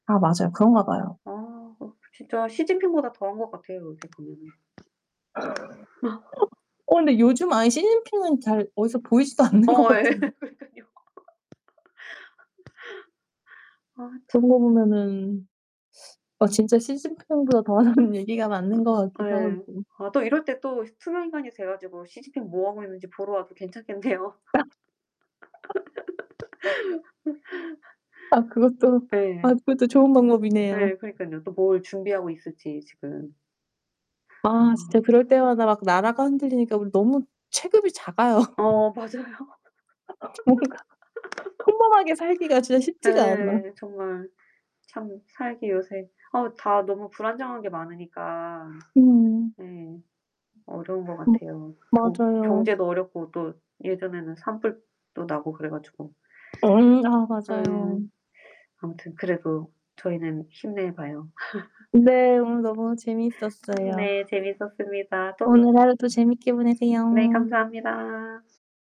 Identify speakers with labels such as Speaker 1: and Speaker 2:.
Speaker 1: 아 맞아요. 그런가 봐요.
Speaker 2: 아 어 진짜 시진핑보다 더 한 것 같아요 어떻게 보면은.
Speaker 1: 어 근데 요즘 아예 시진핑은 잘 어디서 보이지도 않는 것
Speaker 2: 어 예.
Speaker 1: 같은데.
Speaker 2: 그러니까요. 아 저
Speaker 1: 그런 거 보면은 어 진짜 시진핑보다 더 하다는 얘기가 맞는 것
Speaker 2: 아
Speaker 1: 같기도 하고.
Speaker 2: 네. 아 또 이럴 때 또 투명인간이 돼 가지고 시진핑 뭐하고 있는지 보러 와도 괜찮겠네요.
Speaker 1: 아 그것도
Speaker 2: 네.
Speaker 1: 아 그것도 좋은 방법이네요.
Speaker 2: 네, 그러니깐요. 또 뭘 준비하고 있을지 지금.
Speaker 1: 아 진짜
Speaker 2: 아.
Speaker 1: 그럴 때마다 막 나라가 흔들리니까 우리 너무 체급이 작아요.
Speaker 2: 어, 맞아요.
Speaker 1: 뭔가 평범하게 살기가 진짜 쉽지가 않아.
Speaker 2: 네. 정말 참 살기 요새 어 다 너무 불안정한 게 많으니까.
Speaker 1: 음.
Speaker 2: 음. 어려운 것
Speaker 1: 음
Speaker 2: 같아요. 경
Speaker 1: 맞아요.
Speaker 2: 경제도 어렵고 또 예전에는 산불도 나고 그래 가지고.
Speaker 1: 엉 아
Speaker 2: 네.
Speaker 1: 맞아요.
Speaker 2: 아무튼 그래도 저희는 힘내 봐요.
Speaker 1: 네, 오늘 너무 재미있었어요.
Speaker 2: 네. 재밌었습니다. 또
Speaker 1: 오늘 하루도 재밌게
Speaker 2: 네,
Speaker 1: 보내세요.
Speaker 2: 감사합니다.